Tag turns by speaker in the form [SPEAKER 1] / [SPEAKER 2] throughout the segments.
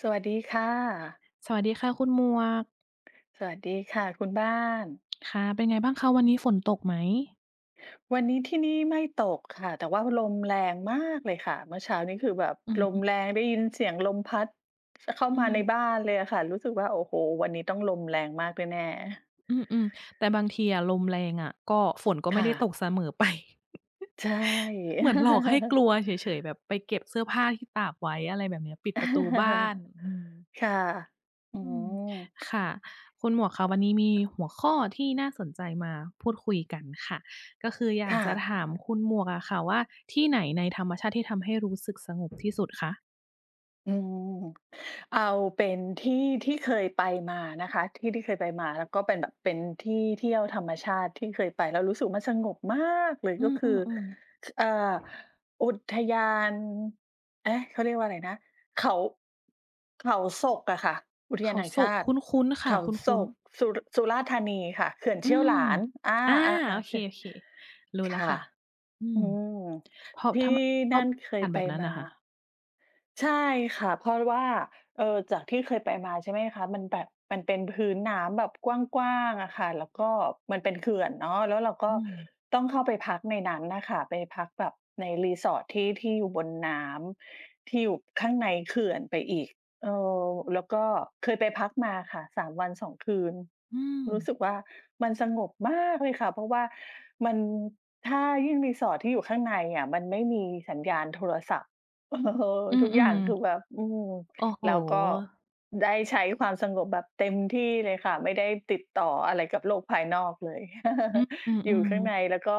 [SPEAKER 1] สวัสดีค่ะ
[SPEAKER 2] สวัสดีค่ะคุณหมวก
[SPEAKER 1] สวัสดีค่ะคุณบ้าน
[SPEAKER 2] ค่ะ เป็นไงบ้างคะ วันนี้ฝนตกไหม?
[SPEAKER 1] วันนี้ที่นี่ไม่ตกค่ะ แต่ว่าลมแรงมากเลยค่ะ เมื่อเช้านี้คือแบบ
[SPEAKER 2] อือ
[SPEAKER 1] ล
[SPEAKER 2] ฮ
[SPEAKER 1] ม
[SPEAKER 2] ึ
[SPEAKER 1] แรง ได้ยินเสียงลมพัด ข เข้า
[SPEAKER 2] อื
[SPEAKER 1] มาใน
[SPEAKER 2] ม
[SPEAKER 1] บ้านเลยอะค่ะ รู้สึกว่า โอ้โฮ วันนี้ต้องลมแรงมากแน่ ๆ
[SPEAKER 2] อืม ๆ แต่บางทีอะ ลมแรงอะ ก็ ฝนก็ไ
[SPEAKER 1] ค
[SPEAKER 2] ม่
[SPEAKER 1] ่
[SPEAKER 2] ได้ต
[SPEAKER 1] ะ
[SPEAKER 2] กเสมอไป
[SPEAKER 1] ใช่
[SPEAKER 2] เหมือนหลอกให้กลัวเฉย ๆ แบบไปเก็บเสื้อผ้าที่ตากไว้ อะไรแบบเนี้ย ปิดประตูบ้าน อืม
[SPEAKER 1] ค่ะ อื
[SPEAKER 2] อืม
[SPEAKER 1] ม
[SPEAKER 2] ค่ะ คุณหมวกคะ วันนี้มีหัวข้อที่น่าสนใจมาพูดคุยกันค่ะ ก็คืออย
[SPEAKER 1] ค
[SPEAKER 2] าก
[SPEAKER 1] ่
[SPEAKER 2] จะ
[SPEAKER 1] ะ
[SPEAKER 2] ถามคุณหมวกอะค่ะว่า ที่ไหนในธรรมชาติ ที่ทำให้รู้สึกสงบที่สุดคะ?
[SPEAKER 1] อืม เอาเป็นที่ ที่เคยไปมานะคะ ที่ ที่เคยไปมา แล้วก็เป็นแบบ เป็นที่เที่ยวธรรมชาติ ที่เคยไปแล้วรู้สึกมันสงบมากเลย
[SPEAKER 2] อ
[SPEAKER 1] ก็คือ
[SPEAKER 2] ือ ๆ ๆ
[SPEAKER 1] ค เอ่อ อุทยาน เอ๊ะ เขาเรียกว่าอะไรนะ เขา เขาสกอะค่ะ อุท
[SPEAKER 2] เ
[SPEAKER 1] ย
[SPEAKER 2] ข
[SPEAKER 1] าน
[SPEAKER 2] า
[SPEAKER 1] แห่ง
[SPEAKER 2] ส
[SPEAKER 1] ชา
[SPEAKER 2] ก
[SPEAKER 1] ต
[SPEAKER 2] ค
[SPEAKER 1] ิ
[SPEAKER 2] ุ้น ๆ ค
[SPEAKER 1] เข
[SPEAKER 2] ่ะ
[SPEAKER 1] า
[SPEAKER 2] คุ
[SPEAKER 1] ส
[SPEAKER 2] ้น
[SPEAKER 1] ก
[SPEAKER 2] ๆ
[SPEAKER 1] สุร สุราษฎร์ธานีค่ะ เขื่อน
[SPEAKER 2] อ
[SPEAKER 1] เ
[SPEAKER 2] ื
[SPEAKER 1] ชี่ยว
[SPEAKER 2] ม
[SPEAKER 1] หลาน อา
[SPEAKER 2] อา โอ
[SPEAKER 1] ๆ
[SPEAKER 2] เค
[SPEAKER 1] ๆ ค่ะ
[SPEAKER 2] โอเค รู้แ
[SPEAKER 1] ค
[SPEAKER 2] ล้ว
[SPEAKER 1] ่
[SPEAKER 2] ค
[SPEAKER 1] ะ
[SPEAKER 2] ่ะ อื
[SPEAKER 1] อื
[SPEAKER 2] ม
[SPEAKER 1] ม
[SPEAKER 2] เพราะ
[SPEAKER 1] ที
[SPEAKER 2] ท
[SPEAKER 1] ่
[SPEAKER 2] ำไม ช
[SPEAKER 1] นั
[SPEAKER 2] อบ
[SPEAKER 1] ่น
[SPEAKER 2] อ
[SPEAKER 1] เ
[SPEAKER 2] า
[SPEAKER 1] ค
[SPEAKER 2] ก
[SPEAKER 1] ย
[SPEAKER 2] าศแ
[SPEAKER 1] ไ
[SPEAKER 2] บ
[SPEAKER 1] ป
[SPEAKER 2] บนั้น
[SPEAKER 1] ม
[SPEAKER 2] อะคะ?
[SPEAKER 1] า ใช่ค่ะ เพราะว่า เออ จากที่เคยไปมาใช่ไหมคะ มันแบบ มันเป็นพื้นน้ำแบบกว้าง ๆ อะค่ะ แล้วก็มันเป็นเขื่อนเนาะ แล้วเราก็
[SPEAKER 2] อืม
[SPEAKER 1] ต้องเข้าไปพักในนั้นอะค่ะ ไปพักแบบใน Resort ที่ ที่อยู่บนน้ำ ที่อยู่ข้างในเขื่อนไปอีก เออ แล้วก็เคยไปพักมาค่ะ 3 วัน 2 คืน
[SPEAKER 2] อื
[SPEAKER 1] รู้
[SPEAKER 2] ม
[SPEAKER 1] สึกว่า มันสงบมากเลยค่ะ เพราะว่ามัน ถ้ายิ่ง Resort ที่อยู่ข้างในอะ มันไม่มีสัญญาณโทรศัพท์ เออ
[SPEAKER 2] อื
[SPEAKER 1] ทุกอย่า
[SPEAKER 2] ม
[SPEAKER 1] งคือแบบ อืม
[SPEAKER 2] ๆ โอ้โฮ
[SPEAKER 1] แล้วก็ ได้ใช้ความสงบแบบเต็มที่เลยค่ะ ไม่ได้ติดต่ออะไรกับโลกภายนอกเลย
[SPEAKER 2] อือ อือ
[SPEAKER 1] อย
[SPEAKER 2] อื
[SPEAKER 1] ู่ข้าง
[SPEAKER 2] อ
[SPEAKER 1] ในแล้วก็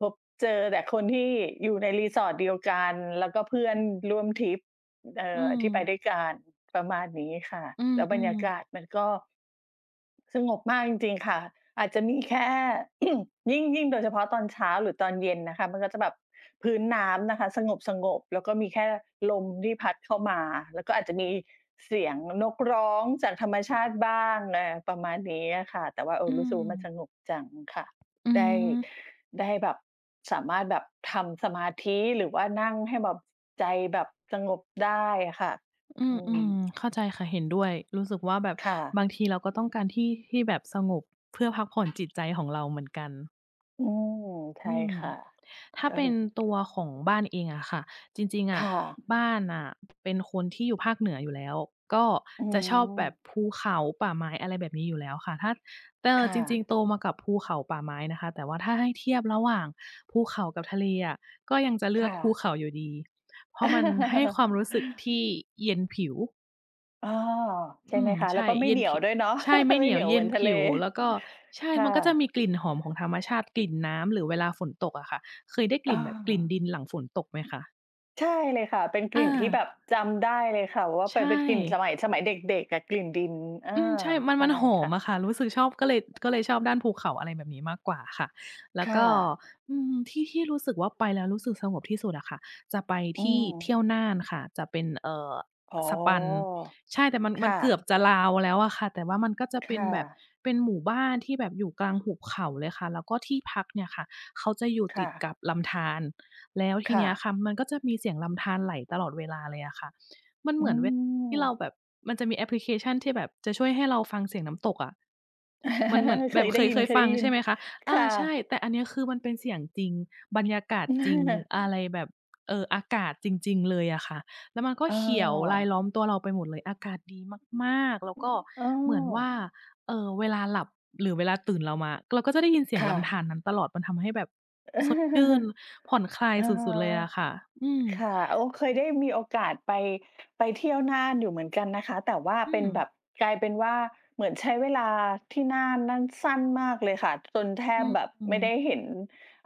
[SPEAKER 1] พบเจอแต่คนที่อยู่ใน Resort เดียวกัน แล้วก็เพื่อน
[SPEAKER 2] อือ
[SPEAKER 1] ร่วมทริป เอ
[SPEAKER 2] อื
[SPEAKER 1] อ ที่ไป
[SPEAKER 2] ม
[SPEAKER 1] ด้วยกัน ประมาณนี้ค่ะ
[SPEAKER 2] อื
[SPEAKER 1] แล้วบรรย
[SPEAKER 2] ม
[SPEAKER 1] าก
[SPEAKER 2] ๆ
[SPEAKER 1] าศมันก็ สงบมากจริง ๆ ค่ะ อาจจะมีแค่ ยิ่ง ยิ่งโดยเฉพาะตอนเช้า หรือตอนเย็นนะคะ มันก็จะแบบพื้นน้ำนะคะ สงบ ๆ แล้วก็มีแค่ลมที่พัดเข้ามา แล้วก็อาจจะมีเสียงนกร้องจากธรรมชาติบ้าง เออ ประมาณนี้อะค่ะ แต่ว่า เอ
[SPEAKER 2] อ
[SPEAKER 1] อ
[SPEAKER 2] ื
[SPEAKER 1] รู้สึกว่ามัน
[SPEAKER 2] ม
[SPEAKER 1] สงบจังค่ะ
[SPEAKER 2] อื
[SPEAKER 1] ได้
[SPEAKER 2] ม
[SPEAKER 1] ได้แบบ สามารถแบบทำสมาธิ หรือว่านั่งให้แบบ ใจแบบสงบได้อะค่ะ
[SPEAKER 2] อื
[SPEAKER 1] อ
[SPEAKER 2] ม
[SPEAKER 1] ื
[SPEAKER 2] ๆ เ
[SPEAKER 1] ม
[SPEAKER 2] ำข้าใจค่ะ เห็นด้วย รู้สึกว่า แบบ
[SPEAKER 1] ค่ะ
[SPEAKER 2] บางทีเราก็ต้องการที่ ที่แบบสงบ เพื่อพักผ่อนจิตใจของเราเหมือนกัน
[SPEAKER 1] อืม ใช
[SPEAKER 2] อ
[SPEAKER 1] ่
[SPEAKER 2] ืม
[SPEAKER 1] ค่ะ
[SPEAKER 2] ถ้า
[SPEAKER 1] ก็
[SPEAKER 2] เป
[SPEAKER 1] ค
[SPEAKER 2] ็
[SPEAKER 1] ื
[SPEAKER 2] น
[SPEAKER 1] อ
[SPEAKER 2] ตัวของบ้านเองอะค่ะ จริง ๆ อ
[SPEAKER 1] ค
[SPEAKER 2] ะ
[SPEAKER 1] ่ะ
[SPEAKER 2] บ้านน่ะเป็นคนที่อยู่ภาคเหนืออยู่แล้ว ก็
[SPEAKER 1] อ๋อ
[SPEAKER 2] จะชอบแบบภูเขาป่าไม้ อะไรแบบนี้อยู่แล้วค่ะ ถ้า แต่
[SPEAKER 1] ค่
[SPEAKER 2] จริ
[SPEAKER 1] ะ
[SPEAKER 2] ง ๆ โตมากับภูเขาป่าไม้นะคะ แต่ว่าถ้าให้เทียบระหว่างภูเขากับทะเลอะ ก็ยังจะเลื
[SPEAKER 1] ค
[SPEAKER 2] อก
[SPEAKER 1] ่
[SPEAKER 2] คู
[SPEAKER 1] ะ
[SPEAKER 2] เขาอยู่ดี เพราะมันให้ความรู้สึกที่เย็นผิว
[SPEAKER 1] อ้อ ใช
[SPEAKER 2] อ
[SPEAKER 1] ่
[SPEAKER 2] ื
[SPEAKER 1] ไหม
[SPEAKER 2] ม
[SPEAKER 1] คะ?
[SPEAKER 2] ใช
[SPEAKER 1] แล้ว
[SPEAKER 2] ่
[SPEAKER 1] ก็ไม่
[SPEAKER 2] เย็
[SPEAKER 1] เหน
[SPEAKER 2] น
[SPEAKER 1] ีย
[SPEAKER 2] ผ
[SPEAKER 1] ว
[SPEAKER 2] ิ
[SPEAKER 1] ด้วยเนาะ?
[SPEAKER 2] ใช่ไม่
[SPEAKER 1] ไ
[SPEAKER 2] เห
[SPEAKER 1] ม
[SPEAKER 2] น
[SPEAKER 1] ่
[SPEAKER 2] ี
[SPEAKER 1] เห
[SPEAKER 2] ย
[SPEAKER 1] น
[SPEAKER 2] ว
[SPEAKER 1] ียว
[SPEAKER 2] เย
[SPEAKER 1] เ
[SPEAKER 2] ็
[SPEAKER 1] หมื
[SPEAKER 2] น
[SPEAKER 1] อนท
[SPEAKER 2] ผ
[SPEAKER 1] ะเล
[SPEAKER 2] ิว แล้ว ก็ใช่
[SPEAKER 1] ค่
[SPEAKER 2] มันก็จะ
[SPEAKER 1] ะ
[SPEAKER 2] มีกลิ่นหอมของธรรมชาติ กลิ่นน้ำ หรือเวลาฝนตกอะค่ะ เคยได้กล
[SPEAKER 1] อ
[SPEAKER 2] ิ่นแบบกลิ่น
[SPEAKER 1] า
[SPEAKER 2] ดินหลังฝนตกไหมคะ?
[SPEAKER 1] ใช่เลยค่ะ เป็นก
[SPEAKER 2] อ
[SPEAKER 1] ลิ่นที่แบบ
[SPEAKER 2] า
[SPEAKER 1] จำได้เลยค่ะ ว่า
[SPEAKER 2] ใช
[SPEAKER 1] ป เป็นกลิ่นส
[SPEAKER 2] ่
[SPEAKER 1] มัย สมัยเด็ก ๆ กับกลิ่นดิน อา
[SPEAKER 2] อืม ใช่ มัน
[SPEAKER 1] ใช
[SPEAKER 2] ม
[SPEAKER 1] ่
[SPEAKER 2] ันหอ
[SPEAKER 1] ค่
[SPEAKER 2] ม
[SPEAKER 1] ะ
[SPEAKER 2] อะค่ะ รู้สึกชอบ ก็เลย ก็เลยชอบด้านภูเขา อะไรแบบนี้มากกว่าค่ะ แล้
[SPEAKER 1] ค
[SPEAKER 2] ว
[SPEAKER 1] ่
[SPEAKER 2] ก็
[SPEAKER 1] ะ
[SPEAKER 2] อืม ที่ ที่รู้สึกว่า ไปแล้วรู้สึกสงบที่สุดอะค่ะ จะไป
[SPEAKER 1] อื
[SPEAKER 2] ที่ เที
[SPEAKER 1] ม
[SPEAKER 2] ่ยวน่านค่ะ จะเป็น เอ่อ
[SPEAKER 1] อ๋อ
[SPEAKER 2] สะปัน ใช่ แต่มัน
[SPEAKER 1] ค
[SPEAKER 2] มั
[SPEAKER 1] ่
[SPEAKER 2] นเกื
[SPEAKER 1] ะ
[SPEAKER 2] อบจะลาวแล้วอะค่ะ แต่ว่ามันก็จะ
[SPEAKER 1] ค
[SPEAKER 2] เป็
[SPEAKER 1] ่
[SPEAKER 2] นแบบ
[SPEAKER 1] ะ
[SPEAKER 2] เป็นหมู่บ้านที่แบบอยู่กลางหุบเขาเลยค่ะ แล้วก็ที่พักเนี่ยค่ะ เขาจะอยู่
[SPEAKER 1] ค
[SPEAKER 2] ต
[SPEAKER 1] ่
[SPEAKER 2] ิด
[SPEAKER 1] ะ
[SPEAKER 2] กับลำธาร แล้วที
[SPEAKER 1] ค่
[SPEAKER 2] เนี้ย
[SPEAKER 1] ะ
[SPEAKER 2] ค่ะ มันก็จะมีเสียงลำธารไหลตลอดเวลาเลยอะค่ะ มันเ
[SPEAKER 1] อ
[SPEAKER 2] ห
[SPEAKER 1] ื
[SPEAKER 2] มือนเว ที่เรา
[SPEAKER 1] ม
[SPEAKER 2] แบบ มันจะมีแอปพลิเคชันที่แบบจะช่วยให้เราฟังเสียงน้ำตกอะ มันเหมือน
[SPEAKER 1] เค
[SPEAKER 2] แบบ
[SPEAKER 1] ยไ
[SPEAKER 2] เ
[SPEAKER 1] ด
[SPEAKER 2] ค
[SPEAKER 1] ้
[SPEAKER 2] ย
[SPEAKER 1] ยิ
[SPEAKER 2] เ
[SPEAKER 1] น
[SPEAKER 2] ค
[SPEAKER 1] เ
[SPEAKER 2] ย
[SPEAKER 1] คย
[SPEAKER 2] ฟ
[SPEAKER 1] ได
[SPEAKER 2] ั
[SPEAKER 1] ้
[SPEAKER 2] ง
[SPEAKER 1] ยิ
[SPEAKER 2] ใช
[SPEAKER 1] น
[SPEAKER 2] ่ไหมคะ?
[SPEAKER 1] ค
[SPEAKER 2] อา
[SPEAKER 1] ่
[SPEAKER 2] ใช่
[SPEAKER 1] ะ
[SPEAKER 2] แต่อันเนี้บคือ มันเป็นเสียงจริง บรรยากาศจริงอะไรแบบ เอ่อ อากาศจริง ๆ เลยอะค่ะ แล้วมันก็
[SPEAKER 1] อ้
[SPEAKER 2] เขียวราย
[SPEAKER 1] อ
[SPEAKER 2] ล้อมตัวเราไปหมดเลย อากาศดีมาก ๆ แล้วก็
[SPEAKER 1] อ้อ
[SPEAKER 2] เหมือนว่า เอ่อ เวลาหลับ หรือเวลาตื่นเรามา เราก็จะได้ยินเสีย
[SPEAKER 1] ค
[SPEAKER 2] ง
[SPEAKER 1] ่
[SPEAKER 2] ลำธ
[SPEAKER 1] ะ
[SPEAKER 2] ารนั้นตลอด มันทำให้แบบสดชื่น ผ่อนคลาย
[SPEAKER 1] อะ
[SPEAKER 2] ส
[SPEAKER 1] ฮ
[SPEAKER 2] ุด ๆ เลย
[SPEAKER 1] ะ
[SPEAKER 2] อะค่ะ อืม
[SPEAKER 1] ค่ะ โอ้ เคยได้มีโอกาสไป ไปเที่ยวน่านอยู่เหมือนกันนะคะ แต่ว่า
[SPEAKER 2] อื
[SPEAKER 1] เป็นแบ
[SPEAKER 2] ม
[SPEAKER 1] บ กลายเป็นว่า เหมือนใช้เวลาที่น่านนั่นสั้นมากเลยค่ะ จนแท
[SPEAKER 2] อื
[SPEAKER 1] บ
[SPEAKER 2] ม
[SPEAKER 1] แบบ
[SPEAKER 2] อื
[SPEAKER 1] ไม่
[SPEAKER 2] อ
[SPEAKER 1] ได้เห็น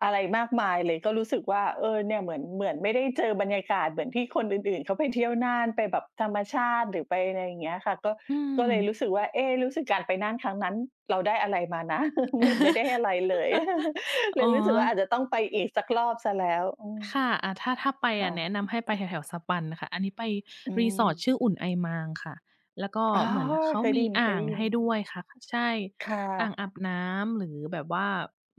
[SPEAKER 1] อะไรมากมายเลย ก็รู้สึกว่า เออ เนี่ยเหมือน เหมือนไม่ได้เจอบรรยากาศเหมือนที่คนอื่น ๆ เขาไปเที่ยวน่าน ไปแบบธรรมชาติ หรือไป อะไรอย่างเงี้ยค่ะ ก็
[SPEAKER 2] อื
[SPEAKER 1] ก็เลยรู้
[SPEAKER 2] ม
[SPEAKER 1] สึกว่า เอ๊ รู้สึกการไปน่านครั้งนั้นเราได้อะไรมานะ เหมือนไม่ได้อะไรเลย เล
[SPEAKER 2] อ๋อ
[SPEAKER 1] ยรู้สึกว่า อาจจะต้องไปอีกสักรอบเสียแล้ว อืม
[SPEAKER 2] ค่ะ อา ถ้า ถ้าไป
[SPEAKER 1] ค
[SPEAKER 2] อ
[SPEAKER 1] ่
[SPEAKER 2] ะ แนะน
[SPEAKER 1] ะ
[SPEAKER 2] ำให้ไปแถว ๆ สะปันค่ะ อันนี้ไป
[SPEAKER 1] อื
[SPEAKER 2] รีสอร์ท
[SPEAKER 1] ม
[SPEAKER 2] ชื่อ อุ่นไอมางค่ะ แล้วก็
[SPEAKER 1] อ๋อ
[SPEAKER 2] เหมือนเขา
[SPEAKER 1] เคยไ
[SPEAKER 2] ม
[SPEAKER 1] ด้
[SPEAKER 2] ี
[SPEAKER 1] ย
[SPEAKER 2] อ่าง
[SPEAKER 1] ิ
[SPEAKER 2] ให
[SPEAKER 1] น
[SPEAKER 2] ้
[SPEAKER 1] ๆ
[SPEAKER 2] ด้วยค่ะ ใช่
[SPEAKER 1] ค่
[SPEAKER 2] อ่า
[SPEAKER 1] ะ
[SPEAKER 2] งอาบน้ำ หรือแบบว่า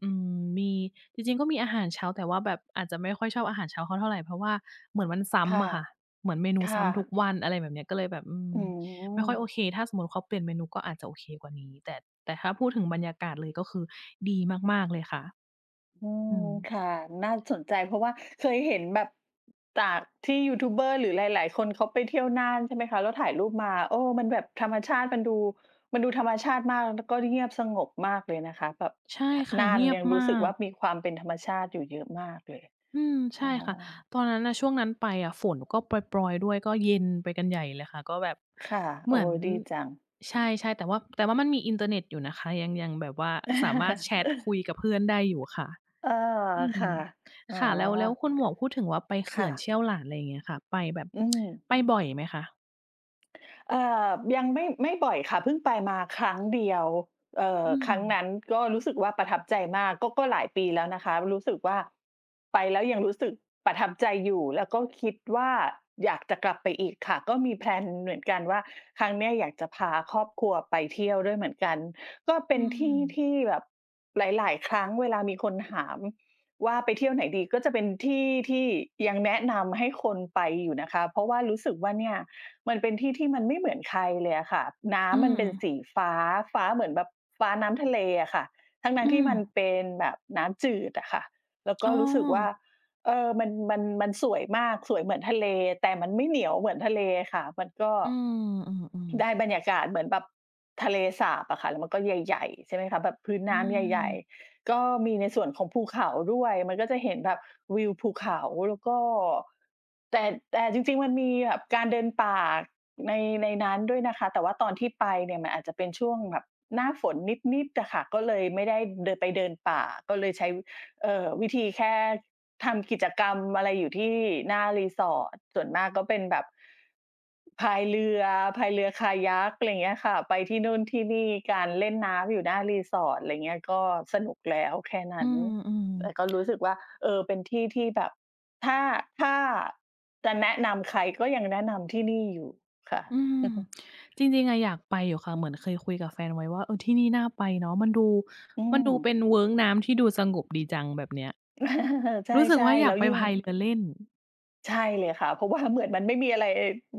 [SPEAKER 2] อืม มี จริง ๆ ก็มีอาหารเช้า แต่ว่าแบบอาจจะไม่ค่อยชอบอาหารเช้าเขาเท่าไร เพราะว่าเหมือนมันซ้
[SPEAKER 1] ค่ะ
[SPEAKER 2] ำอะค่ะ เหมือนเมนู
[SPEAKER 1] ค
[SPEAKER 2] ซ
[SPEAKER 1] ่
[SPEAKER 2] ้ำทุก
[SPEAKER 1] ะ
[SPEAKER 2] วัน อะไรแบบนี้ ก็เลยแบบ อืม
[SPEAKER 1] อื
[SPEAKER 2] ไม่ค่อย
[SPEAKER 1] ม
[SPEAKER 2] โอเค ถ้าสมมุติเขาเปลี่ยนเมนูก็อาจจะโอเคกว่านี้ แต่ แต่ถ้าพูดถึงบรรยากาศเลย ก็คือดีมาก ๆ เลยค่ะ
[SPEAKER 1] อื
[SPEAKER 2] อ
[SPEAKER 1] ม
[SPEAKER 2] ืม
[SPEAKER 1] ค่ะ น่าสนใจ เพราะว่าเคยเห็นแบบจากที่ยูทูบเบอร์ หรือหลาย ๆ คนเขาไปเที่ยวน่าน ใช่ไหมคะ แล้วถ่ายรูปมา โอ้! มันแบบธรรมชาติมันดู มันดูธรรมชาติมากแล้วก็เงียบสงบมากเลยนะคะ แบบ
[SPEAKER 2] ใช่
[SPEAKER 1] ท
[SPEAKER 2] ค่ะ
[SPEAKER 1] น่า
[SPEAKER 2] เง
[SPEAKER 1] น
[SPEAKER 2] ีย
[SPEAKER 1] ย
[SPEAKER 2] บ
[SPEAKER 1] ังร
[SPEAKER 2] ม
[SPEAKER 1] ู้
[SPEAKER 2] า
[SPEAKER 1] สึกว
[SPEAKER 2] ก
[SPEAKER 1] ่า มีความเป็นธรรมชาติอยู่เยอะมากเลย
[SPEAKER 2] อืม ใช
[SPEAKER 1] อ๋
[SPEAKER 2] ่
[SPEAKER 1] อ
[SPEAKER 2] ค่ะ ตอนนั้นน่ะ ช่วงนั้นไปอะ ฝนก็ปรอย ๆ ด้วยก็เย็นไปกันใหญ่เลยค่ะ ก็แบบ
[SPEAKER 1] ค่ะ
[SPEAKER 2] เ
[SPEAKER 1] โ
[SPEAKER 2] ห
[SPEAKER 1] อ
[SPEAKER 2] ม
[SPEAKER 1] ้
[SPEAKER 2] ือน
[SPEAKER 1] ดีจัง
[SPEAKER 2] ใช่ ๆ แต่ว่า แต่ว่ามันมีอินเทอร์เน็ตอยู่นะคะ ยัง ยังแบบว่าสามารถแชทคุยกับเพื่อนได้อยู่ค่ะ
[SPEAKER 1] เออ
[SPEAKER 2] อื
[SPEAKER 1] ค
[SPEAKER 2] ม
[SPEAKER 1] ่ะ อ๋อ
[SPEAKER 2] ค่ะ แล้ว แล้วคุณหมวกพูดถึงว่า ไป
[SPEAKER 1] ค
[SPEAKER 2] เข
[SPEAKER 1] ่
[SPEAKER 2] ื่อนเช
[SPEAKER 1] ะ
[SPEAKER 2] ี่ยวหลาน อะไรอย่างเงี้ยค่ะ ไปแบบ
[SPEAKER 1] อืม
[SPEAKER 2] ไปบ่อยไหมคะ?
[SPEAKER 1] เอ่อ ยังไม่ ไม่บ่อยค่ะ เพิ่งไปมาครั้งเดียว เอ่อ
[SPEAKER 2] อื
[SPEAKER 1] ครั้ง
[SPEAKER 2] ม
[SPEAKER 1] นั้นก็รู้สึกว่าประทับใจมาก ก็ ก็หลายปีแล้วนะคะ รู้สึกว่า ไปแล้วยังรู้สึกประทับใจอยู่ แล้วก็คิดว่าอยากจะกลับไปอีกค่ะ ก็มีแพลนเหมือนกันว่า ครั้งเนี้ยอยากจะพาครอบครัวไปเที่ยวด้วยเหมือนกัน ก็เป
[SPEAKER 2] อื
[SPEAKER 1] ็นที่ท
[SPEAKER 2] ม
[SPEAKER 1] ี่แบบหลาย ๆ ครั้งเวลามีคนหาม ว่าไปเที่ยวไหนดี ก็จะเป็นที่ที่ยังแนะนำให้คนไปอยู่นะคะ เพราะว่ารู้สึกว่าเนี่ย มันเป็นที่ที่มันไม่เหมือนใครเลยอะค่ะ น้
[SPEAKER 2] อื
[SPEAKER 1] ำมันเป็น
[SPEAKER 2] ม
[SPEAKER 1] สีฟ้า ฟ้าเหมือนแบบฟ้าน้ำทะเลอะค่ะ ทั้
[SPEAKER 2] อื
[SPEAKER 1] ง ๆ ที่
[SPEAKER 2] อ
[SPEAKER 1] มันเป็นแบบน้ำจืดอะค่ะ แล้วก
[SPEAKER 2] อ๋
[SPEAKER 1] ็
[SPEAKER 2] อ
[SPEAKER 1] รู้สึกว่า เออ มัน มัน มันสวยมาก สวยเหมือนทะเล แต่มันไม่เหนียวเหมือนทะเลค่ะ มันก็
[SPEAKER 2] อืม อือ
[SPEAKER 1] ได
[SPEAKER 2] ๆ
[SPEAKER 1] ้บรรยากาศเหมือนแบบทะเลสาบอะค่ะ แล้วมันก็ใหญ่ ๆ ใช่ไหมคะ แบบพื้น
[SPEAKER 2] อ
[SPEAKER 1] น
[SPEAKER 2] ื
[SPEAKER 1] ้ำใหญ่
[SPEAKER 2] ม
[SPEAKER 1] ๆ ก็มีในส่วนของภูเขาด้วยมันก็จะเห็นแบบวิวภูเขาแล้วก็ แต่ แต่จริง ๆ มันมีแบบการเดินป่าใน ในนั้นด้วยนะคะ แต่ว่าตอนที่ไปเนี่ยมันอาจจะเป็นช่วงแบบหน้าฝนนิด ๆ อะค่ะ ก็เลยไม่ได้เดิน ไปเดินป่า ก็เลยใช้ เอ่อ วิธีแค่ทำกิจกรรมอะไรอยู่ที่หน้ารีสอร์ท ส่วนมากก็เป็นแบบ พายเรือ พายเรือ kayak อะไรอย่างเงี้ยค่ะ ไปที่นู่นที่นี่กัน เล่นน้ำอยู่หน้า resort อะไรอย่างเงี้ย ก็สนุกแล้วแค่น
[SPEAKER 2] อ
[SPEAKER 1] ั
[SPEAKER 2] ื
[SPEAKER 1] ้น
[SPEAKER 2] ม
[SPEAKER 1] แต่ก็
[SPEAKER 2] ๆ
[SPEAKER 1] รู้สึกว่า เออ เป็นที่ที่แบบ ถ้า ถ้าจะแนะนำใคร ก็ยังแนะนำที่นี่อยู่ ค่ะ
[SPEAKER 2] อืม จริง ๆ อะ อยากไปอยู่ค่ะ เหมือนเคยคุยกับแฟนไว้ว่า เออ ที่นี่น่าไปเนาะ มันดู
[SPEAKER 1] อื
[SPEAKER 2] มันดูเป
[SPEAKER 1] ม
[SPEAKER 2] ็นเวิ้งน้ำที่ดูสงบดีจัง แบบเนี้ย
[SPEAKER 1] ใ
[SPEAKER 2] รู้สึก
[SPEAKER 1] ช่
[SPEAKER 2] ว่าอย
[SPEAKER 1] ๆ แล
[SPEAKER 2] า
[SPEAKER 1] ้
[SPEAKER 2] ก
[SPEAKER 1] ว
[SPEAKER 2] ไป
[SPEAKER 1] ยิ่
[SPEAKER 2] พ
[SPEAKER 1] ง
[SPEAKER 2] ายเรือเล่น
[SPEAKER 1] ใช่เลยค่ะ เพราะ ว่า เหมือนมันไม่มีอะไร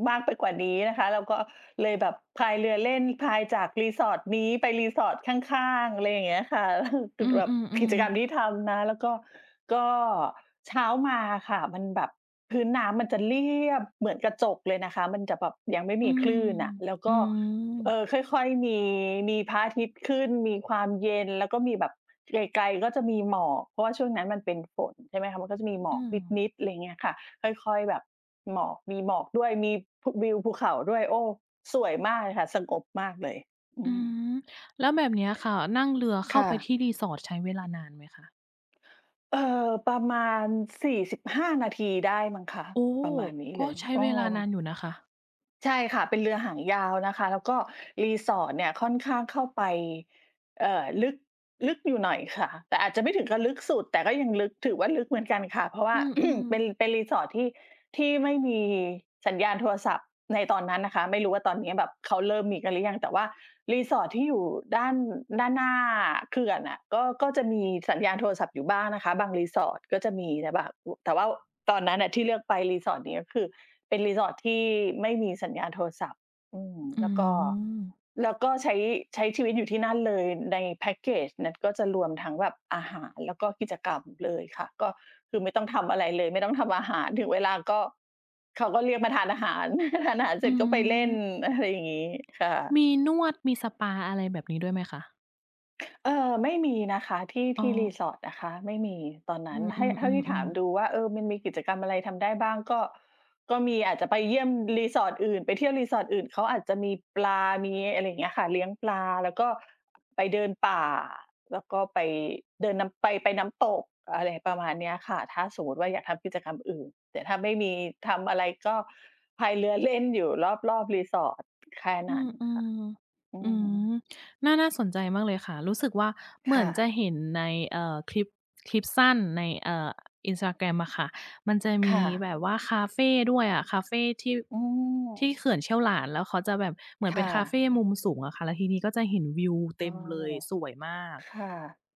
[SPEAKER 1] มากไปกว่านี้นะคะ เราก็เลยแบบพายเรือเล่น พายจาก resort นี้ไป resort ข้าง ๆ อะไรอย่างเงี้ยค่ะ คื
[SPEAKER 2] อื
[SPEAKER 1] อแบบกิ
[SPEAKER 2] อ
[SPEAKER 1] จกรร
[SPEAKER 2] ๆ ๆ
[SPEAKER 1] มที่ทำนะ แล้วก็ ก็เช้ามาอะค่ะ มันแบบพื้นน้ำมันจะเรียบเหมือนกระจกเลยนะคะ มันจะแบบยังไม่
[SPEAKER 2] อ
[SPEAKER 1] ม
[SPEAKER 2] ื
[SPEAKER 1] ีค
[SPEAKER 2] ม
[SPEAKER 1] ลื่นอะ แล้ว
[SPEAKER 2] อ
[SPEAKER 1] ก
[SPEAKER 2] ื
[SPEAKER 1] ็ เอ
[SPEAKER 2] อ
[SPEAKER 1] อ ค่อย ๆ มี มีพระอาทิตย์ขึ้น มีความเย็น แล้วก็มีแบบไกล ๆ ก็จะมีหมอก เพราะว่าช่วงนั้นมันเป็นฝน ใช่ไหมคะ มันก็จะมี
[SPEAKER 2] อึ
[SPEAKER 1] หม
[SPEAKER 2] อื
[SPEAKER 1] อก
[SPEAKER 2] ม
[SPEAKER 1] นิด ๆ อะไรอย่างเงี้ยค่ะ ค่อย ๆ แบบหมอก มีหมอกด้วย มีพุ วิวภูเขาด้วย โอ้ สวยมากเลยค่ะ สงบมากเลย อื
[SPEAKER 2] อื
[SPEAKER 1] อ
[SPEAKER 2] ม แล้วแบบเนี้ยค่ะ นั่งเรือเข
[SPEAKER 1] ค
[SPEAKER 2] ้า
[SPEAKER 1] ่ะ
[SPEAKER 2] ไปที่ resort ใช้เวลานานไหมคะ?
[SPEAKER 1] เอ่อ ประมาณ 45 นาทีได้มั้งคะ
[SPEAKER 2] โอ้!
[SPEAKER 1] ประมาณนี้
[SPEAKER 2] ก
[SPEAKER 1] เล
[SPEAKER 2] ็
[SPEAKER 1] ย
[SPEAKER 2] ใช้
[SPEAKER 1] เออ
[SPEAKER 2] เวลานานอยู่นะคะ
[SPEAKER 1] ใช่ค่ะ เป็นเรือหางยาวนะคะ แล้วก็ resort เนี่ยค่อนข้างเข้าไป เอ่อ ลึก ลึกอยู่หน่อย ค่ะ แต่อาจจะไม่ถึงกับลึกสุด แต่ก็ยังลึก ถือว่าลึกเหมือนกันค่ะ เพราะว
[SPEAKER 2] อ
[SPEAKER 1] ่า
[SPEAKER 2] ืม
[SPEAKER 1] เป็
[SPEAKER 2] ๆ
[SPEAKER 1] น เป็น resort ที่ ที่ไม่มีสัญญาณโทรศัพท์ในตอนนั้นนะคะ ไม่รู้ว่าตอนเนี้ยแบบเขาเริ่มมีกันหรือยัง แต่ว่า resort ที่อยู่ด้าน ด้านหน้าเขื่อนอะ ก็ ก็จะมีสัญญาณโทรศัพท์อยู่บ้างนะคะ บาง resort ก็จะมี แต่บาง อุ แต่ว่าตอนนั้นน่ะที่เลือกไป resort เนี้ยคือเป็น resort ที่ไม่มีสัญญาณโทรศัพท์ อืม
[SPEAKER 2] อื
[SPEAKER 1] แล้วก็
[SPEAKER 2] ม
[SPEAKER 1] แล้วก็ใช้ ใช้ชีวิตอยู่ที่นั่นเลย ในแพ็กเกจนั้นก็จะรวมทั้งแบบอาหาร แล้วก็กิจกรรมเลยค่ะ ก็คือไม่ต้องทำอะไรเลย ไม่ต้องทำอาหาร ถึงเวลาก็เขาก็เรียกมาทานอาหาร ทานอาหารเ
[SPEAKER 2] อื
[SPEAKER 1] สร็จก็ไปเล่น
[SPEAKER 2] อ
[SPEAKER 1] อะ ไรอย่างงี้ ค่ะ
[SPEAKER 2] มีนวด มีสปา อะไรแบบนี้ด้วยไหมคะ?
[SPEAKER 1] เออ ไม่มีนะคะ ที่
[SPEAKER 2] อ๋
[SPEAKER 1] ที่
[SPEAKER 2] อ
[SPEAKER 1] Resort นะคะไม่มี ตอนน
[SPEAKER 2] อื
[SPEAKER 1] ั้น
[SPEAKER 2] อ
[SPEAKER 1] ให้ เท่าที่ถาม
[SPEAKER 2] ๆ ๆ ๆ
[SPEAKER 1] ดูว่า เออ มันมีกิจกรรมอะไรทำได้บ้าง? ก็ ก็มีอาจจะไปเยี่ยม Resort อื่น ไปเที่ยว Resort อื่นเขาอาจจะมีปลา มีอะไรอย่างเงี้ยค่ะ เลี้ยงปลาแล้วก็ไปเดินป่า แล้วก็ไปเดินนำ ไป ไปน้ำตก อะไรประมาณเนี้ยค่ะ ถ้าสมมุติว่า อยากทำกิจกรรมอื่น แต่ถ้าไม่มีทำอะไรก็พายเรือ เล่น อยู่รอบ ๆ Resort แค่
[SPEAKER 2] อ
[SPEAKER 1] นั้น
[SPEAKER 2] อื
[SPEAKER 1] ค่ะ
[SPEAKER 2] ม
[SPEAKER 1] อื
[SPEAKER 2] ๆ อื
[SPEAKER 1] ม
[SPEAKER 2] ม น่า น่าสนใจมากเลยค่ะ รู้สึกว่า เห
[SPEAKER 1] ค
[SPEAKER 2] มื
[SPEAKER 1] ่
[SPEAKER 2] อนจะ
[SPEAKER 1] ะ
[SPEAKER 2] เห็นใน เอ่อ คลิป คลิปสั้นใน เอ่อ Instagram อะค่ะ มันจะม
[SPEAKER 1] ค
[SPEAKER 2] ี
[SPEAKER 1] ่ะ
[SPEAKER 2] แบบว่าคาเฟด้วยอะ คาเฟที่
[SPEAKER 1] อื
[SPEAKER 2] ที่
[SPEAKER 1] ม
[SPEAKER 2] เขื่อนเชี่ยวหลาน แล้วเขาจะแบบเหมือน
[SPEAKER 1] ค
[SPEAKER 2] เป็
[SPEAKER 1] ่
[SPEAKER 2] นคาเฟ
[SPEAKER 1] ะ
[SPEAKER 2] มุมสูงอะค่ะ แล้วทีนี้ก็จะเห็นวิวเ
[SPEAKER 1] อ
[SPEAKER 2] ต
[SPEAKER 1] ้
[SPEAKER 2] ็
[SPEAKER 1] อ
[SPEAKER 2] มเลย สวยมาก
[SPEAKER 1] ค่ะ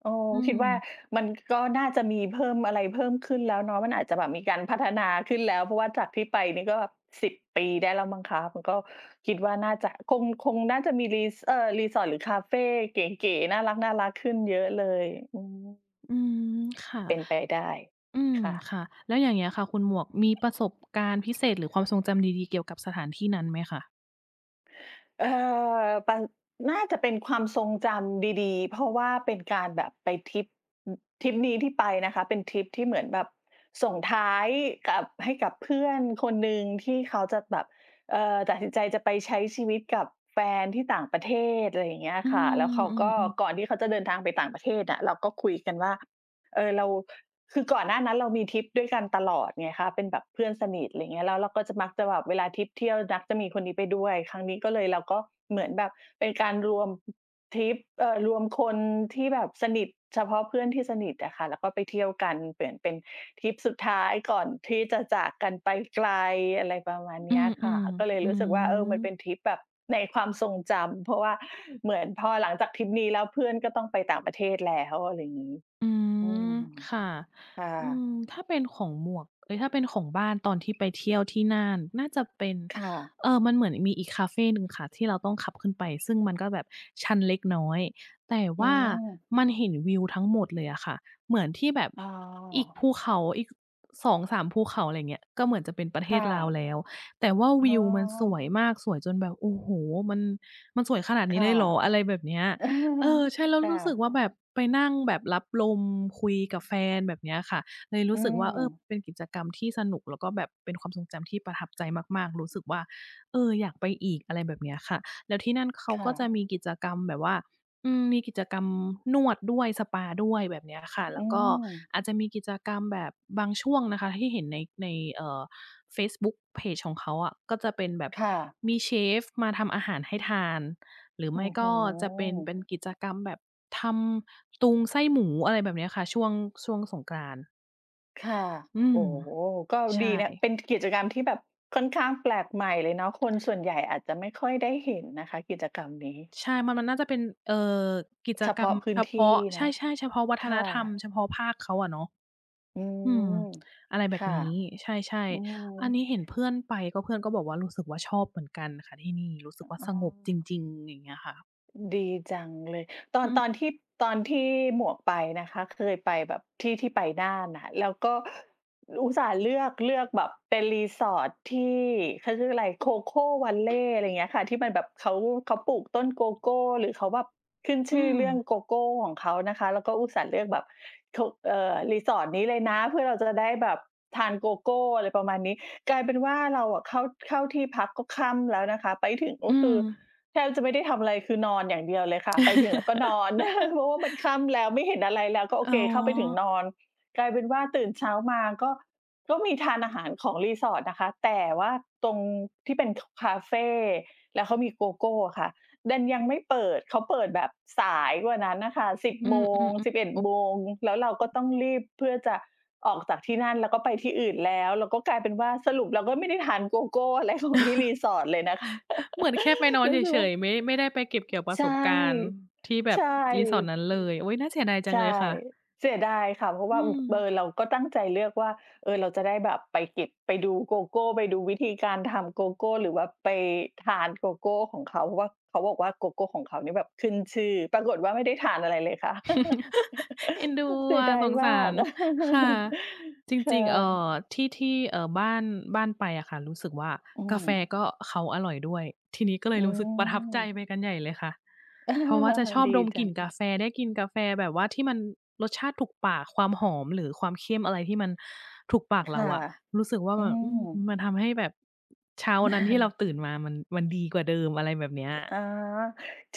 [SPEAKER 1] เออ
[SPEAKER 2] อื
[SPEAKER 1] คิดว่า
[SPEAKER 2] ม
[SPEAKER 1] มันก็น่าจะมีเพิ่มอะไรเพิ่มขึ้นแล้วเนาะ มันอาจจะแบบมีการพัฒนาขึ้นแล้ว เพราะว่าจากที่ไปนี่ก็แบบ 10 ปีได้แล้วมั้งคะ มันก็ คิดว่า น่าจะ คง คงน่าจะมี Res เอ่อ Resort หรือคาเฟเก๋ ๆ น่ารัก ๆ ขึ้นเยอะเลย อือฮึ
[SPEAKER 2] อ อืม ค่ะ
[SPEAKER 1] เป็นไปได้
[SPEAKER 2] อืม
[SPEAKER 1] ค่ะ
[SPEAKER 2] ค่ะ แล้วอย่างเงี้ยค่ะคุณหมวก มีประสบการณ์พิเศษหรือความทรงจำดี ๆ เกี่ยวกับสถานที่นั้นไหมค่ะ?
[SPEAKER 1] เออ ปัน น่าจะเป็นความทรงจำดี ๆ เพราะว่าเป็นการแบบไปทริป อืม ทริปนี้ที่ไปนะคะเป็นทริปที่เหมือนแบบส่งท้ายกับ ให้กับเพื่อนคนหนึ่งที่เขาจะแบบ เอ่อ ตัดสินใจจะไปใช้ชีวิตกับแฟนที่ต่างประเทศ ไรอย่างเงี้ย
[SPEAKER 2] อื
[SPEAKER 1] ค่ะ แล้ว
[SPEAKER 2] ม
[SPEAKER 1] เขา
[SPEAKER 2] อ
[SPEAKER 1] ก็
[SPEAKER 2] ืม ๆ
[SPEAKER 1] ก่อนที่เขาจะเดินทางไปต่างประเทศอะ เราก็คุยกันว่า เออ เรา คือก่อนหน้านั้นเรามีทริปด้วยกันตลอดไงคะ เป็นแบบเพื่อนสนิท ไรเงี้ย แล้วเราก็จะมัก จะแบบเวลาทริปเที่ยวดั๊กจะมีคนนี้ไปด้วย ครั้งนี้ก็เลย เราก็เหมือนแบบเป็นการรวม อือ ทริป เอ่อ รวมคนที่แบบสนิท เฉพาะเพื่อนที่สนิทอะค่ะแล้วก็ไปเที่ยวกัน เหมือนเป็นทริปสุดท้ายก่อนที่จะจากกันไปไกล อะไรประมาณ
[SPEAKER 2] อ
[SPEAKER 1] เ
[SPEAKER 2] ื
[SPEAKER 1] นี้ย
[SPEAKER 2] ม
[SPEAKER 1] ค่ะ ก็เลย
[SPEAKER 2] ๆ อื
[SPEAKER 1] รู้สึกว่า เออ มันเป็
[SPEAKER 2] ม
[SPEAKER 1] นทริปแบบในความทรงจำ เพราะว่าเหมือนพอหลังจากทริปนี้แล้วเพื่อนก็ต้องไปต่างประเทศแล้ว อะไรอย่างงี้
[SPEAKER 2] อื
[SPEAKER 1] อื
[SPEAKER 2] ม
[SPEAKER 1] ม
[SPEAKER 2] ค่ะ
[SPEAKER 1] ค่ะ
[SPEAKER 2] อืม ถ้าเป็นของหมวก เอ๊ย! ถ้าเป็นของบ้านตอนที่ไปเที่ยวที่น่าน น่าจะเป็น
[SPEAKER 1] ค่ะ
[SPEAKER 2] เอ่อ มันเหมือนมีอีกคาเฟหนึ่งค่ะที่เราต้องขับขึ้นไป ซึ่งมันก็แบบชันเล็กน้อย แต่
[SPEAKER 1] อ
[SPEAKER 2] ว
[SPEAKER 1] ื
[SPEAKER 2] ่า
[SPEAKER 1] ม
[SPEAKER 2] มันเห็นวิวทั้งหมดเลยอะค่ะ เหมือนที่แบบ
[SPEAKER 1] อ้อ
[SPEAKER 2] อีกภูเขา อีก ค 2-3 ภูเขา ไรเงี้ย ก็เหมือนจะเป็นประเ
[SPEAKER 1] ค
[SPEAKER 2] ท
[SPEAKER 1] ่
[SPEAKER 2] ศลาว
[SPEAKER 1] ะ
[SPEAKER 2] แล้ว แต่ว่า
[SPEAKER 1] อ
[SPEAKER 2] ว
[SPEAKER 1] ้
[SPEAKER 2] ิวมันสว
[SPEAKER 1] อ
[SPEAKER 2] ยมาก สวยจนแบบ โอ้โฮ! มัน มันสวยขนาด
[SPEAKER 1] ค
[SPEAKER 2] นี้
[SPEAKER 1] ่ะ
[SPEAKER 2] เลยเหรอ? อะไรแบบเนี้ย เออ ใช่แล้ว
[SPEAKER 1] ค่
[SPEAKER 2] รู้สึก
[SPEAKER 1] ะ
[SPEAKER 2] ว่า แบบไปนั่งแบบรับลมคุยกับแฟน แบบเนี้ยค่ะ เลยรู
[SPEAKER 1] อื
[SPEAKER 2] ้สึกว่า เออ
[SPEAKER 1] ม
[SPEAKER 2] เป็นกิจกรรมที่สนุก แล้วก็แบบเป็นความทรงจำที่ประทับใจมาก ๆ รู้สึกว่า เออ อยากไปอีก อะไรแบบเนี้ยค่ะ แล้วที่นั่นเขา
[SPEAKER 1] ค่
[SPEAKER 2] ก็จ
[SPEAKER 1] ะ
[SPEAKER 2] ะมีกิจกรรมแบบว่า อืม มีกิจกรรมนวดด้วย สปาด้วย แบบเนี้ยค่ะ แ
[SPEAKER 1] อ
[SPEAKER 2] ล้
[SPEAKER 1] ื
[SPEAKER 2] วก็
[SPEAKER 1] ม
[SPEAKER 2] อาจจะมีกิจกรรมแบบบางช่วงนะคะที่เห็นใน ใน เอ่อ เฟซบุ๊กเพจของเขาอะ ก็จะเป็นแบบ
[SPEAKER 1] ค่ะ
[SPEAKER 2] มีเชฟมาทำอาหารให้ทาน หรือ
[SPEAKER 1] โ
[SPEAKER 2] ไ
[SPEAKER 1] อ
[SPEAKER 2] ม
[SPEAKER 1] ้
[SPEAKER 2] ่
[SPEAKER 1] โ
[SPEAKER 2] ก็จะเป็น เป
[SPEAKER 1] ฮ
[SPEAKER 2] ็นกิจกรรมแบบทำตุงไส้หมู อะไรแบบเนี้ยค่ะ ช่วง ช่วงสงกรานต์
[SPEAKER 1] ค่ะ
[SPEAKER 2] อื
[SPEAKER 1] โอ
[SPEAKER 2] ม
[SPEAKER 1] ้โฮ ก็
[SPEAKER 2] ใช
[SPEAKER 1] ดีนะ
[SPEAKER 2] ่
[SPEAKER 1] เป็นกิจกรรมที่แบบค่อนข้างแปลกใหม่เลยเนาะ คนส่วนใหญ่อาจจะไม่ค่อยได้เห็นนะคะกิจกรรมนี้
[SPEAKER 2] ใช่ มัน มันน่าจะเป็น เอ่อ กิจ
[SPEAKER 1] เฉ
[SPEAKER 2] ก
[SPEAKER 1] พ
[SPEAKER 2] รร
[SPEAKER 1] า
[SPEAKER 2] ม
[SPEAKER 1] ะพื้
[SPEAKER 2] เฉ
[SPEAKER 1] นท
[SPEAKER 2] พ
[SPEAKER 1] ี่
[SPEAKER 2] าะ
[SPEAKER 1] เ
[SPEAKER 2] ใ
[SPEAKER 1] น
[SPEAKER 2] ช
[SPEAKER 1] า
[SPEAKER 2] ่
[SPEAKER 1] ะ?
[SPEAKER 2] ๆ เฉพาะวั
[SPEAKER 1] ค
[SPEAKER 2] ฒน
[SPEAKER 1] ่
[SPEAKER 2] ธรรม
[SPEAKER 1] ะ
[SPEAKER 2] เฉพาะภาคเขาอะเนาะ
[SPEAKER 1] อื
[SPEAKER 2] อื
[SPEAKER 1] ม
[SPEAKER 2] ม อะไรแบ
[SPEAKER 1] ค
[SPEAKER 2] บ
[SPEAKER 1] ่ะ
[SPEAKER 2] นี้ ใช่
[SPEAKER 1] อื
[SPEAKER 2] ๆ อัน
[SPEAKER 1] ม
[SPEAKER 2] นี้เห็นเพื่อนไป ก็เพื่อนก็บอกว่า รู้สึกว่าชอบเหมือนกันค่ะที่นี่ รู้สึกว่า
[SPEAKER 1] อ๋
[SPEAKER 2] สงบจ
[SPEAKER 1] อ
[SPEAKER 2] ริง ๆ อย่างเงี้ยค่ะ
[SPEAKER 1] ดีจังเลย ตอ
[SPEAKER 2] อื
[SPEAKER 1] น ต
[SPEAKER 2] ม
[SPEAKER 1] อนที่ ตอนที่หมวกไปนะคะ เคยไปแบบที่ที่ไปน่านน่ะค่ะ แล้วก็อุตส่าห์เลือก เลือกแบบเป็นรีสอร์ทที่ เขาชื่ออะไร Cocoa Valley อะไรอย่างเงี้ยค่ะ ที่มันแบบเขา เขาปลูกต้นโกโก้ หรือเขาแบบขึ้น
[SPEAKER 2] อ
[SPEAKER 1] ช
[SPEAKER 2] ื
[SPEAKER 1] ื่อเรื่อง
[SPEAKER 2] ม
[SPEAKER 1] โกโก้ของเขานะคะ แล้วก็อุตส่าห์เลือกแบบ ท เอ่อ รีสอร์ทนี้เลยนะ เพื่อเราจะได้แบบทานโกโก้ อะไรประมาณนี้ กลายเป็นว่าเราอะเข้า เข้าที่พักก็ค่ำแล้วนะคะ ไปถึงก
[SPEAKER 2] อ
[SPEAKER 1] ็
[SPEAKER 2] ื
[SPEAKER 1] คือ
[SPEAKER 2] ม
[SPEAKER 1] แทบจะไม่ได้ทำอะไร คือนอนอย่างเดียวเลยค่ะ ไปถึงแล้วก็นอน เพราะว่ามันค่ำแล้วไม่เห็นอะไรแล้ว ก็โอ
[SPEAKER 2] อ๋
[SPEAKER 1] เค
[SPEAKER 2] อ
[SPEAKER 1] เข้าไปถึงนอน กลายเป็นว่าตื่นเช้ามา ก็ ก็มีทานอาหารของรีสอร์ทนะคะ แต่ว่าตรงที่เป็น ค คาเฟ แล้วเขามีโกโก้อะค่ะ ดันยังไม่เปิด เขาเปิดแบบสายกว่านั้นน่ะค่ะ 10
[SPEAKER 2] อื
[SPEAKER 1] โมง
[SPEAKER 2] อ
[SPEAKER 1] สิบ
[SPEAKER 2] ๆ
[SPEAKER 1] เอ็
[SPEAKER 2] ๆ
[SPEAKER 1] ด
[SPEAKER 2] โอ้
[SPEAKER 1] โมง แล้วเราก็ต้องรีบเพื่อจะออกจากที่นั่น แล้วก็ไปที่อื่นแล้ว แล้วก็กลายเป็นว่า สรุปเราก็ไม่ได้ทานโกโก้ อะไรของ ที่รีสอร์ทเลยนะคะ
[SPEAKER 2] เหมือนแค่ไปนอน
[SPEAKER 1] รู
[SPEAKER 2] เ
[SPEAKER 1] ้สึก
[SPEAKER 2] ฉ
[SPEAKER 1] ว่า
[SPEAKER 2] ย ๆ ไม่ ไม่ได้ไปเก็บเกี่ยวปร
[SPEAKER 1] ใ
[SPEAKER 2] ะ
[SPEAKER 1] ช
[SPEAKER 2] ส
[SPEAKER 1] ่
[SPEAKER 2] บการณ์ที่แบ
[SPEAKER 1] ใช
[SPEAKER 2] บรีสอร์ท
[SPEAKER 1] ่
[SPEAKER 2] นั้นเลย โอ๊ย น่าเสียดายจั
[SPEAKER 1] ใช
[SPEAKER 2] ง
[SPEAKER 1] ่
[SPEAKER 2] เลยค่ะ
[SPEAKER 1] เสียดายค่ะ เพราะ
[SPEAKER 2] อ
[SPEAKER 1] ว
[SPEAKER 2] ื
[SPEAKER 1] ่า อืม เออ
[SPEAKER 2] ม
[SPEAKER 1] เราก็ตั้งใจเลือกว่า เออ เราจะได้แบบไปเก็บ ไปดูโกโก้ ไปดูวิธีการทำโกโก้ หรือว่าไปทานโกโก้ของเขา เพราะว่าเขาบอกว่าโกโก้ของเขานี่แบบขึ้นชื่อ ปรากฏว่าไม่ได้ทานอะไรเลยค่ะ
[SPEAKER 2] เอ็นดู
[SPEAKER 1] เสี
[SPEAKER 2] อ
[SPEAKER 1] ย
[SPEAKER 2] ะ
[SPEAKER 1] ดาย
[SPEAKER 2] สง
[SPEAKER 1] ม
[SPEAKER 2] ส
[SPEAKER 1] า
[SPEAKER 2] า
[SPEAKER 1] ก
[SPEAKER 2] ร ค่ะ จ
[SPEAKER 1] ค่
[SPEAKER 2] ริง ๆ เอ่
[SPEAKER 1] ะ
[SPEAKER 2] อ ที่ ที่ เอ่อ บ้าน บ้านไปอะค่ะ รู้สึกว่า
[SPEAKER 1] อื
[SPEAKER 2] กาแฟ
[SPEAKER 1] ม
[SPEAKER 2] ก็เขาอร่อยด้วย ทีนี้ก็เล
[SPEAKER 1] อื
[SPEAKER 2] ยรู้สึกประทับใจ
[SPEAKER 1] ม
[SPEAKER 2] ไปกันใหญ่เลยค่ะ
[SPEAKER 1] เออ
[SPEAKER 2] เพราะว่าจะชอบ
[SPEAKER 1] ดี
[SPEAKER 2] ดม
[SPEAKER 1] จ
[SPEAKER 2] ก
[SPEAKER 1] ั
[SPEAKER 2] ลิ่น
[SPEAKER 1] ง
[SPEAKER 2] กาแฟ ได้กินกาแฟแบบว่าที่มันรสชาติถูกปาก ความหอม หรือความเข้มอะไรที่มันถูกปาก
[SPEAKER 1] ค
[SPEAKER 2] เรา
[SPEAKER 1] ่ะ
[SPEAKER 2] อะ รู้สึกว่า
[SPEAKER 1] อื
[SPEAKER 2] แบบ อ
[SPEAKER 1] ม
[SPEAKER 2] ืม มันทำให้แบบเช้าวันนั้นที่เราตื่นมา มัน มันดีกว่าเดิม อะไรแบบเนี้ย
[SPEAKER 1] อา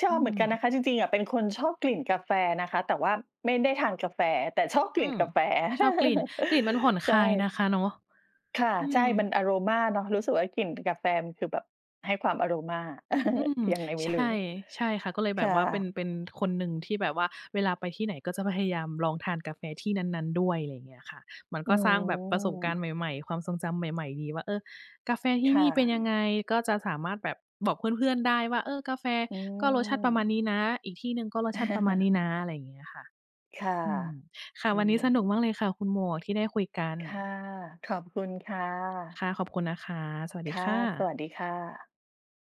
[SPEAKER 1] ช
[SPEAKER 2] อ
[SPEAKER 1] อ
[SPEAKER 2] ื
[SPEAKER 1] บเหมือน
[SPEAKER 2] ม
[SPEAKER 1] กันนะคะ จริง ๆ อะเป็นคนชอบกลิ่นกาแฟนะคะ แต่ว่าไม่ได้ทานกาแฟ แต่ชอบก
[SPEAKER 2] อื
[SPEAKER 1] ลิ่น
[SPEAKER 2] ม
[SPEAKER 1] กาแฟ
[SPEAKER 2] ชอบกลิ่น กลิ่นมันผ่อนค
[SPEAKER 1] ใช
[SPEAKER 2] ลา
[SPEAKER 1] ่
[SPEAKER 2] ยนะคะเนาะ
[SPEAKER 1] ค่ะ
[SPEAKER 2] อื
[SPEAKER 1] ใช
[SPEAKER 2] ม
[SPEAKER 1] ่ มันอะโรมาเนาะ รู้สึกว่ากลิ่นกาแฟมันคือแบบให้ความอะโรมา
[SPEAKER 2] อืม
[SPEAKER 1] ยังไงไม
[SPEAKER 2] ใ
[SPEAKER 1] ่
[SPEAKER 2] ช
[SPEAKER 1] รู้
[SPEAKER 2] ่ ใช่ค่ะ ก็เลย
[SPEAKER 1] ค
[SPEAKER 2] แบ
[SPEAKER 1] ่
[SPEAKER 2] บว่าเป็น
[SPEAKER 1] ะ
[SPEAKER 2] เป็นคนหนึ่งที่แบบว่าเวลาไปที่ไหนก็จะพยายามลองทานกาแฟที่นั้น ๆ ด้วย อะไรอย่างเงี้ยค่ะ มัน
[SPEAKER 1] อ
[SPEAKER 2] ก
[SPEAKER 1] ื
[SPEAKER 2] ็สร้างแบบประสบการ
[SPEAKER 1] ม
[SPEAKER 2] ณ์ใหม่ ๆ ความทรงจำใหม่ ๆ ดีว่า เออ กาแฟที่
[SPEAKER 1] ค
[SPEAKER 2] น
[SPEAKER 1] ่
[SPEAKER 2] ี่เป็น
[SPEAKER 1] ะ
[SPEAKER 2] ยังไง ก็จะสามารถแบบบอกเพื่อน ๆ ได้ว่า เออ กาแฟ
[SPEAKER 1] อื
[SPEAKER 2] ก็รสชาติประมา
[SPEAKER 1] ม
[SPEAKER 2] ณนี้นะ อีกที่หนึ่งก็รสชาติประมาณนี้นะ อะไรอย่างเงี้ยค่ะ
[SPEAKER 1] ค่ะ
[SPEAKER 2] อืม ค่ะ
[SPEAKER 1] อื
[SPEAKER 2] วันนี้ส
[SPEAKER 1] ม
[SPEAKER 2] นุกมากเลยค่ะคุณหมวกที่ได้คุยกัน
[SPEAKER 1] ค่ะ ขอบคุณค่ะ
[SPEAKER 2] ค่ะ ขอบคุณนะคะ สวัส
[SPEAKER 1] ค
[SPEAKER 2] ดี
[SPEAKER 1] ่ะ
[SPEAKER 2] ค่
[SPEAKER 1] ส
[SPEAKER 2] ะ
[SPEAKER 1] วัสดีค่ะ